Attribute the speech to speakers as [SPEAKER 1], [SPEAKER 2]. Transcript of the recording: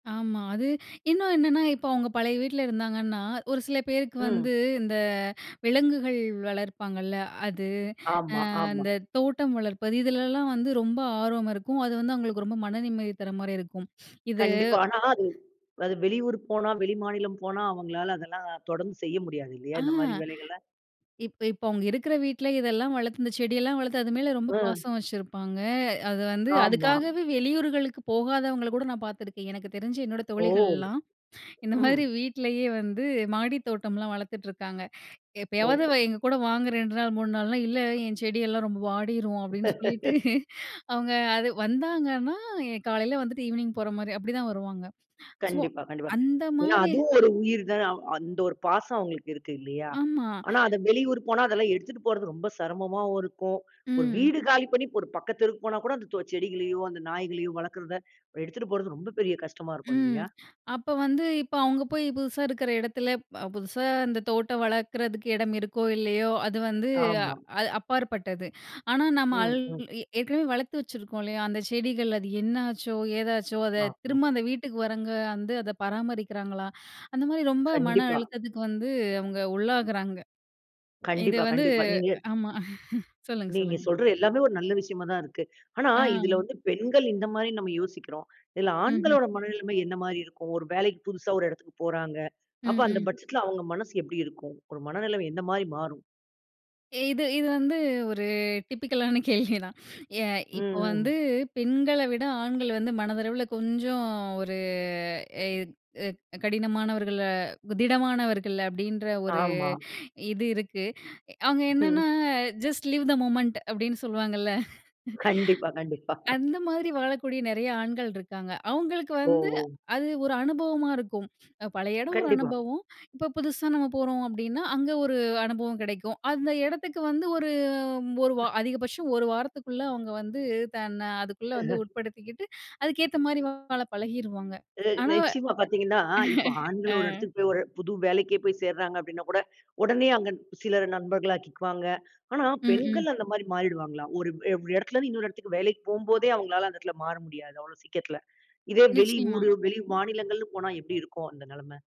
[SPEAKER 1] ஆமா. அது. இன்னும் என்னன்னா, இப்ப அவுங்க பழைய வீட்டுல இருந்தாங்கன்னா, ஒரு சில பேருக்கு
[SPEAKER 2] ம்.
[SPEAKER 1] வந்து இந்த விலங்குகள் வளர்ப்பாங்க இல்ல. அது
[SPEAKER 2] ஆமா,
[SPEAKER 1] அ
[SPEAKER 2] ஆமா.
[SPEAKER 1] அந்தத் தோட்டம் வளர்ப்பது இதுல எல்லாம் வந்து ரொம்ப ஆர்வமா இருக்கும். அது வந்து அவுங்களுக்கு ரொம்ப மன நிம்மதி தர்றமாரி இருக்கும். இது
[SPEAKER 2] கண்டிப்பா. ஆனா அது, அது வெளியூர் போனா, வெளி மாநிலம் போனா அவுங்களால அதெல்லாம் தொடர்ந்து செய்ய முடியாது
[SPEAKER 1] ஆ.
[SPEAKER 2] இல்லயா! இந்தமாரி வேலைகள
[SPEAKER 1] இப்ப இப்ப அவுங்க இருக்கிற வீட்ல இதெல்லாம் வளர்த்து அந்தச் செடி எல்லாம் வளர்த்து அது மேல ரொம்ப
[SPEAKER 2] ஆ.
[SPEAKER 1] பாசம் வச்சிருப்பாங்க. அது வந்து
[SPEAKER 2] ஆமா.
[SPEAKER 1] அதுக்காகவே வெளியூர்களுக்குப் போகாதவங்கள கூட நான் பாத்துருக்கேன். எனக்குத் தெரிஞ்சு என்னோட
[SPEAKER 2] ஓ!
[SPEAKER 1] தோழிகள்லாம், இந்த
[SPEAKER 2] ம்.
[SPEAKER 1] மாதிரி வீட்டுலயே வந்து மாடித் தோட்டம்லாம் வளர்த்துட்டு இருக்காங்க. எப்பயாவது
[SPEAKER 2] ஓ!
[SPEAKER 1] எங்ககூட வாங்க 2 நாள் 3 நாள்னா, இல்ல என் செடி எல்லாம் ரொம்ப வாடிரும் அப்பிடின்னு சொல்லிட்டு அவுங்க அது வந்தாங்கன்னா காலையில வந்து ஈவ்னிங் போறமாரி அப்பிடித்தான் வருவாங்க. சோ,
[SPEAKER 2] கண்டிப்பா கண்டிப்பா
[SPEAKER 1] அந்த
[SPEAKER 2] ஏன்னா
[SPEAKER 1] மாரி
[SPEAKER 2] அதுவும் ஒரு உயிர் தான். அந்த ஒரு பாசம் அவுங்களுக்கு இருக்கு இல்லயா!
[SPEAKER 1] ஆமா.
[SPEAKER 2] ஆனா, அத வெளியூர் போனா அதெல்லாம் எடுத்துட்டு போறது ரொம்ப சிரமமா இருக்கும். ஒரு
[SPEAKER 1] ம்.
[SPEAKER 2] வீடு காலி பண்ணி ஒரு பக்கத்து தெருவுக்குப் போனா கூட அந்த தோ செடிகளையும் அந்த நாய்களையும் வளர்க்கிறத எடுத்துட்டு போறது ரொம்ப பெரிய கஷ்டமா இருக்கும்
[SPEAKER 1] ம்.
[SPEAKER 2] இல்லயா!
[SPEAKER 1] அப்போ வந்து இப்ப அவுங்க போய் புதுசா இருக்குற இடத்துல புதுசா இந்தத் தோட்டம் வளர்க்கறதுக்கு இடம் இருக்கோ! இல்லயோ! அது வந்து
[SPEAKER 2] ஆமா.
[SPEAKER 1] அ அப்பாற்பட்டது. ஆனா, நம்ம அல்
[SPEAKER 2] ம், ம்.
[SPEAKER 1] ஏற்கனவே வளர்த்து வச்சிருக்கோம் இல்லயா! அந்தச் செடிகள் அது என்ன ஆச்சோ? ஏதாச்சோ! அதத்
[SPEAKER 2] ஆமா.
[SPEAKER 1] திரும்ப அந்த வீட்டுக்கு வர்றவங்க வந்து அத பராமரிக்கறாங்களா? அந்தமாரி ரொம்ப மன
[SPEAKER 2] கண்டிப்பா.
[SPEAKER 1] அழுத்தத்துக்கு வந்து அவுங்க உள்ளாகுறாங்க. இது
[SPEAKER 2] கண்டிப்பா
[SPEAKER 1] வந்து.
[SPEAKER 2] கண்டிப்பா நீங்க
[SPEAKER 1] ஆமா. சொல்லுங்க
[SPEAKER 2] நீங்க
[SPEAKER 1] சொல்லுங்க
[SPEAKER 2] சொல்ற எல்லாமே ஒரு நல்ல விஷயமா தான் இருக்கு. ஆனா இதுல
[SPEAKER 1] ஆ.
[SPEAKER 2] வந்து பெண்கள் இந்த மாரி நம்ம யோசிக்கிறோம். இதுல
[SPEAKER 1] ம்ஹ்ம்.
[SPEAKER 2] ஆண்களோட மனநிலைமை என்ன மாரி இருக்கும்? ஒரு வேலைக்கு புதுசா ஒரு இடத்துக்குப் போறாங்க. அப்ப
[SPEAKER 1] ம்.
[SPEAKER 2] அந்தப்
[SPEAKER 1] ம்.
[SPEAKER 2] பட்ஜெட்ல அவுங்க மனசு எப்பிடி இருக்கும்? ஒரு மனநிலைமை எந்த மாதிரி மாறும்?
[SPEAKER 1] இது இது வந்து ஒரு டிப்பிக்ல் ஆன கேள்வி தான். ஏ
[SPEAKER 2] ம்,
[SPEAKER 1] இப்ப வந்து
[SPEAKER 2] ம்.
[SPEAKER 1] பெண்கள விட ஆண்கள் வந்து மனதளவுல கொஞ்சம் ஒரு எ [unintelligible] கடினமானவர்களு திடமானவர்கள் அப்பிடின்ற ஒரு
[SPEAKER 2] ஆமா.
[SPEAKER 1] இது இருக்கு. அவுங்க
[SPEAKER 2] ம்.
[SPEAKER 1] என்னன்னா ஜஸ்ட் லிவ் தெ மொமெண்ட் அப்பிடின்னு சொல்லுவாங்க.
[SPEAKER 2] கண்டிப்பா, கண்டிப்பா.
[SPEAKER 1] அந்த மாதிரி வாழக்கூடிய நிறைய ஆண்கள் இருக்காங்க. அவுங்களுக்கு
[SPEAKER 2] ஓ!
[SPEAKER 1] வந்து,
[SPEAKER 2] ஓ!
[SPEAKER 1] அது ஒரு அனுபவமா இருக்கும். பழைய இடம் ஒரு
[SPEAKER 2] கண்டிப்பா.
[SPEAKER 1] அனுபவம். இப்போ புதுசா நம்ம போறோம் அப்பிடின்னா, அங்க ஒரு அனுபவம் கிடைக்கும். அந்த இடத்துக்கு வந்து ஒரு ஒரு வ அதிகபட்சம் 1 வாரத்துக்குள்ள அவுங்க வந்து தன்ன அதுக்குள்ள வந்து
[SPEAKER 2] அஹ.
[SPEAKER 1] உட்படுத்திக்கிட்டு, அதுக்கு ஏத்த மாதிரி வாழ பழகிருவாங்க.
[SPEAKER 2] இது
[SPEAKER 1] ஆனா.
[SPEAKER 2] நிச்சியமா பார்த்தீங்கன்னா, இப்ப ஆண்கள்
[SPEAKER 1] அ.
[SPEAKER 2] ஒரு இடத்துக்குப் ஒரு புது வேலைக்குச் சேர்றாங்க அப்பிடின்னாகூட, உடனே அங்க சிலர் நண்பர்களாக்கிக்குவாங்க. ஆனா
[SPEAKER 1] ம், ம்.
[SPEAKER 2] பெண்கள் அந்த மாதிரி மாறிடுவாங்களா? ஒரு [unintelligible] இடத்துல இருந்து இன்னொரு இடத்துக்கு வேலைக்குப் போம்போதே அவுங்களால அந்த இடத்துல மாற முடியாது. அவ்வளவு சீக்கிரத்தில. இதே வெளியூரு,
[SPEAKER 1] நிச்சயமா.
[SPEAKER 2] வெளிமாநிலங்கள்னு போனா எப்பிடி இருக்கும் அந்த நிலைமை?